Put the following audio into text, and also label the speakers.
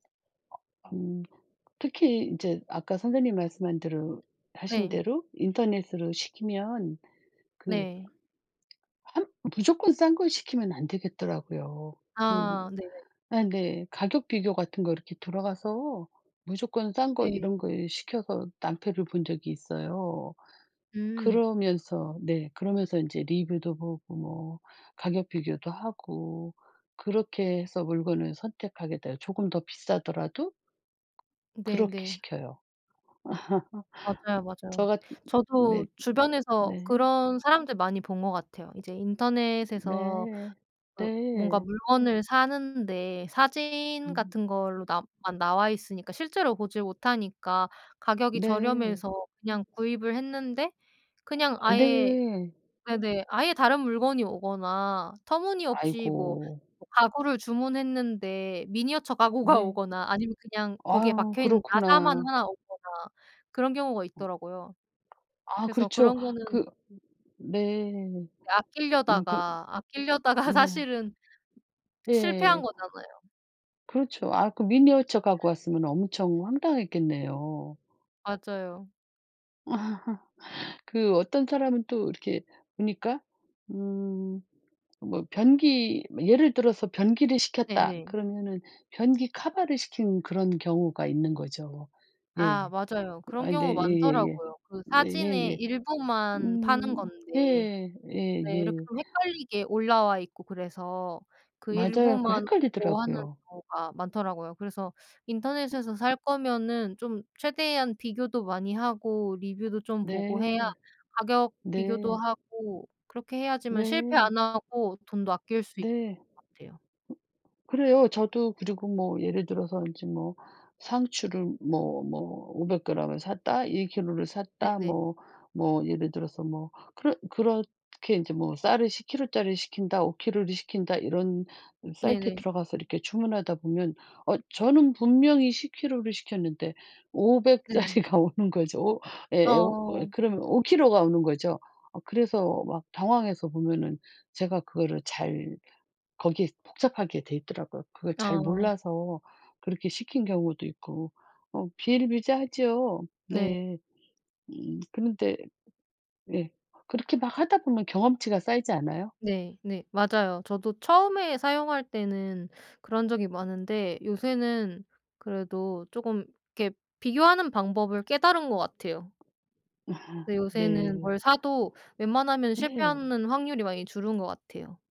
Speaker 1: 음. 특히 이제 아까 선생님 말씀한 대로 하신
Speaker 2: 네.
Speaker 1: 대로 인터넷으로 시키면 그
Speaker 2: 네.
Speaker 1: 함 무조건 싼 거 시키면 안 되겠더라고요.
Speaker 2: 아.
Speaker 1: 그
Speaker 2: 네네.
Speaker 1: 아 네. 가격 비교 같은 거 이렇게 들어가서 무조건 싼 거
Speaker 2: 네.
Speaker 1: 이런 거 시켜서 낭패를 본 적이 있어요.
Speaker 2: 음.
Speaker 1: 그러면서 네. 그러면서 이제 리뷰도 보고 뭐 가격 비교도 하고 그렇게 해서 물건을 선택하게 돼요. 조금 더 비싸더라도 그렇게
Speaker 2: 네네.
Speaker 1: 시켜요.
Speaker 2: 맞아요,
Speaker 1: 저
Speaker 2: 맞아요.
Speaker 1: 같 네.
Speaker 2: 저도 주변에서
Speaker 1: 네.
Speaker 2: 그런 사람들 많이 본 것 같아요. 이제 인터넷에서
Speaker 1: 네.
Speaker 2: 그 뭔가
Speaker 1: 네.
Speaker 2: 물건을 사는데 사진
Speaker 1: 음.
Speaker 2: 같은 걸로 나 만 나와 있으니까 실제로 보질 못하니까 가격이
Speaker 1: 네.
Speaker 2: 저렴해서 그냥 구입을 했는데
Speaker 1: 어.
Speaker 2: 그냥 아예
Speaker 1: 네.
Speaker 2: 네네. 아예 다른 물건이 오거나 터무니없이 뭐
Speaker 1: 아이고.
Speaker 2: 가구를 주문했는데 미니어처 가구가
Speaker 1: 네.
Speaker 2: 오거나 아니면 그냥 거기에
Speaker 1: 아유.
Speaker 2: 박혀 있는 나사만
Speaker 1: 그렇구나.
Speaker 2: 하나 오거나 그런 경우가
Speaker 1: 어.
Speaker 2: 있더라고요.
Speaker 1: 아
Speaker 2: 그래서
Speaker 1: 그렇죠.
Speaker 2: 그런 거는
Speaker 1: 그 네. 융 거
Speaker 2: 아낄려다가 아낄려다가
Speaker 1: 네.
Speaker 2: 사실은 실패한
Speaker 1: 네.
Speaker 2: 거잖아요.
Speaker 1: 그렇죠. 아 그 미니어쳐 갖고
Speaker 2: 음.
Speaker 1: 왔으면 엄청 황당했겠네요.
Speaker 2: 맞아요.
Speaker 1: 그 어떤 사람은 또 이렇게 보니까 음 뭐 변기 뭐 예를 들어서 변기를 시켰다
Speaker 2: 네네.
Speaker 1: 그러면은 변기 커버를 시킨 그런 경우가 있는 거죠.
Speaker 2: 아
Speaker 1: 예.
Speaker 2: 맞아요. 그런
Speaker 1: 아이 네.
Speaker 2: 경우
Speaker 1: 예예예.
Speaker 2: 많더라고요. 그
Speaker 1: 네
Speaker 2: 사진에
Speaker 1: 예예.
Speaker 2: 일부만 파는
Speaker 1: 음.
Speaker 2: 건데
Speaker 1: 예.
Speaker 2: 네 이렇게
Speaker 1: 예예.
Speaker 2: 좀 헷갈리게 올라와 있고 그래서 그
Speaker 1: 맞아요. 그
Speaker 2: 일부만 오고 하는
Speaker 1: 헷갈리더라고요.
Speaker 2: 경우가 많더라고요. 그래서
Speaker 1: 으.
Speaker 2: 인터넷에서 살 거면은 좀 최대한 비교도 많이 하고 리뷰도 좀 보고 해야
Speaker 1: 네.
Speaker 2: 가격 비교도
Speaker 1: 네.
Speaker 2: 하고 그렇게 해야지만 실패
Speaker 1: 네.
Speaker 2: 안 하고 돈도 아낄 수 있는
Speaker 1: 네.
Speaker 2: 것 같아요.
Speaker 1: 그래요. 저도 그리고 뭐 예를 들어서 이제 뭐 상추를 뭐 뭐 500g 을 샀다, 1kg 를 샀다
Speaker 2: 네네.
Speaker 1: 뭐 뭐 예를 들어서 뭐 그렇 그렇게 이제 뭐 쌀을 10kg 짜리를 시킨다, 5kg 를 시킨다 이런 음 사이트에
Speaker 2: 네네.
Speaker 1: 들어가서 이렇게 주문하다 보면 어 저는 분명히 10kg 를 시켰는데 500
Speaker 2: 네.
Speaker 1: 짜리가 오는 거죠. 예 오 어
Speaker 2: 어어어.
Speaker 1: 그러면 5kg 가 오는 거죠. 어 그래서 막 당황해서 보면은 제가 그거를 잘 거기에 복잡하게 돼 있더라고요. 그걸 잘
Speaker 2: 아.
Speaker 1: 몰라서 그렇게 시킨 경우도 있고. 어 비일비재하죠.
Speaker 2: 네.
Speaker 1: 네. 음. 그런데 예. 그렇게 막 하다 보면 경험치가 쌓이지 않아요?
Speaker 2: 네네. 맞아요. 저도 처음에 사용할 때는 그런 적이 많은데 요새는 그래도 쪼금 이렇게 비교하는 방법을 깨달은 것
Speaker 1: 아
Speaker 2: 같아요. 근데 요새는
Speaker 1: 네.
Speaker 2: 뭘 사도 웬만하면은
Speaker 1: 네.
Speaker 2: 실패하는 확률이 많이 줄은 것 같아요.